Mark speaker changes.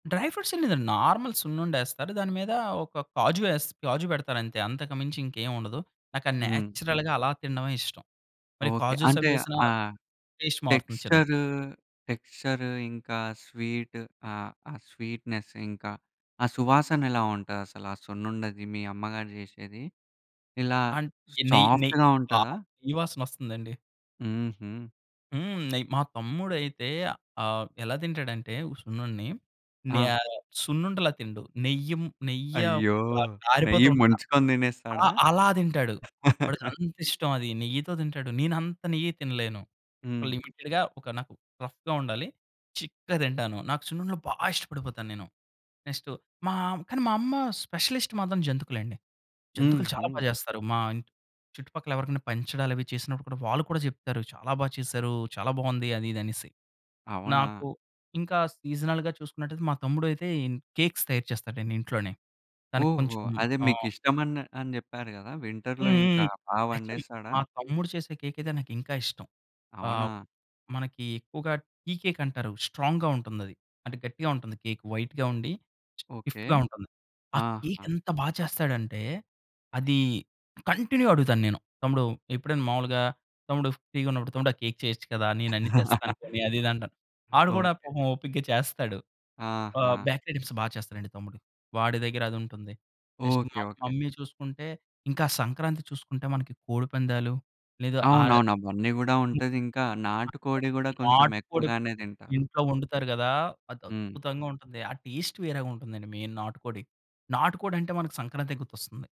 Speaker 1: Dry fruits లేదండి normal సున్నుండేస్తారు దాని మీద ఒక కాజు యెస్ కాజు పెడతారు అంతే అంతకు మించి ఇంకేముండదు. నాకు అది
Speaker 2: హ్మ్.
Speaker 1: నేచురల్‌గా అలా తినడమే ఇష్టం. మరి
Speaker 2: ఓకే.
Speaker 1: కాజుస్
Speaker 2: అంటే
Speaker 1: అవి యేసిన
Speaker 2: ఆ
Speaker 1: టేస్ట్ మారుతుంది చిన్దిది.
Speaker 2: టెక్స్చరు టెక్స్చరు ఇంకా స్వీట్ ఆహ్, ఆ స్వీట్‌‌నెస్ ఇంకా ఆ సువాసన ఎలా ఉంటది? అసలు ఆ సున్నుండది మీ అమ్మగారు జేసేది ఇలా
Speaker 1: అండ్ నెయ్ నె
Speaker 2: సాఫ్ట్‌గా
Speaker 1: ఆ!
Speaker 2: ఉంటదా?
Speaker 1: నెయ్యి వాసనొస్తుందండి.
Speaker 2: హుహు.
Speaker 1: హ్మ్. నెయ్యి. మా తమ్ముడైతే ఆహ్, ఎలా తింటాడంటే ఉ సున్నుండని నే
Speaker 2: ఆ!
Speaker 1: సున్నుండలా తిండు. నెయ్యిం నెయ్య
Speaker 2: అయ్యో!
Speaker 1: కా
Speaker 2: నెయ్యి
Speaker 1: కారిపోతుంటది.
Speaker 2: ముంచుకొని దినేస్తాడ?
Speaker 1: అలా, అలా తింటాడు. వాడికంత ఇష్టం అది నెయ్యితో తింటాడు. నెన్నంత నెయ్యి తినలేను. ఒక
Speaker 2: హ్మ్.
Speaker 1: లిమిటెడ్‌గా ఒక నాకు రఫ్‌గా ఉండాలి. చిక్కగా తింటాను నాకు సున్నుండలు బా ఇష్టపడిపోతానేను. నెక్స్ట్ మా కానీ మా అమ్మ స్పెషలిస్ట్ మాత్రం జంతుకులండి.
Speaker 2: హ్మ్,
Speaker 1: జంతుకులు చాలా బా
Speaker 2: హ్మ్.
Speaker 1: చేస్తారు. మా చుట్టుపక్కల ఎవరికైనా పంచడాలు అవి చేసినప్పుడు కూడా, వాళ్ళు కూడా చెప్తారు. "చాలా బా చేశారు. చాలా బాగుంది" అది ఇది అనేసి.
Speaker 2: అవునా?
Speaker 1: నాకు ఇంకా సీజనల్‌గా చూసుకున్నటయితే, మా తమ్ముడైతే ఇన్ కేక్స్ తయారు చేస్తాడండి ఇంట్లోనే. తనకి
Speaker 2: ఓహో!
Speaker 1: కొంచెం
Speaker 2: అదే
Speaker 1: ఆహ్
Speaker 2: మీకిష్టం ఆన్ అని జెప్పారు గదా! వింటర్‌లో ఇంకా
Speaker 1: హుహుహు.
Speaker 2: బా
Speaker 1: యాక్చువల్‌‌లి
Speaker 2: వండేస్తాడా?
Speaker 1: మా తమ్ముడు చేసిన కేకయితే నాకింకా ఇష్టం. ఆహ్,
Speaker 2: అవునా?
Speaker 1: మనకి ఎక్కువగా టీ కేక్ అంటారు స్ట్రాంగ్‌గా ఉంటుంది అది. అంటే గట్టిగా ఉంటుంది కేక్ వైట్‌గా ఉండి
Speaker 2: ఓకే.
Speaker 1: స్టిఫ్‌గా ఉంటుంది. ఆ కేక్
Speaker 2: ఆహా!
Speaker 1: ఎంత బా చేస్తాడంటే, అది కంటిన్యూ అడుగుతానేను. తమ్ముడు ఎప్పుడైనా మామూలుగా తమ్ముడు ఫ్రీ‌గా ఉన్నప్పుడు తమ్ముడు ఆ కేక్ చేయొచ్చు కదా! నేను అన్ని తెస్తాను పోనీ అది, ఇది అంటాను. వాడు గూడా
Speaker 2: ఓకే.
Speaker 1: పాపం ఓపికగా చేస్తాడు. ఆహ్,
Speaker 2: ఆహా!
Speaker 1: బ్యాక్‌రి ఐటమ్స్ బాగా చేస్తాడండి తమ్ముడు. వాడి దగ్గర అదుంటుంది. Next
Speaker 2: okay.
Speaker 1: మా
Speaker 2: ఓకే.
Speaker 1: మమ్మీ చూసుకుంటే ఇంకా సంక్రాంతి చూసుకుంటే మనకి కోడిపందాలు, లేదా ఆ
Speaker 2: అవునవును.
Speaker 1: ఆ!
Speaker 2: అవన్నీ గూడా ఉంటది. ఇంకా నాటు కోడి గూడా కొంచెం
Speaker 1: నాటుకోడి
Speaker 2: ఎక్కువగానే తింటారు.
Speaker 1: ఇంట్లో వండుతారు గదా! అది
Speaker 2: హ్మ్.
Speaker 1: అద్భుతంగా ఉంటుంది. ఆ టేస్ట్ వేరేగా ఉంటుందండి మెయిన్ నాటుకోడి. నాటుకోడి అంటే మనకు సంక్రాంతి గుర్తొస్తుంది.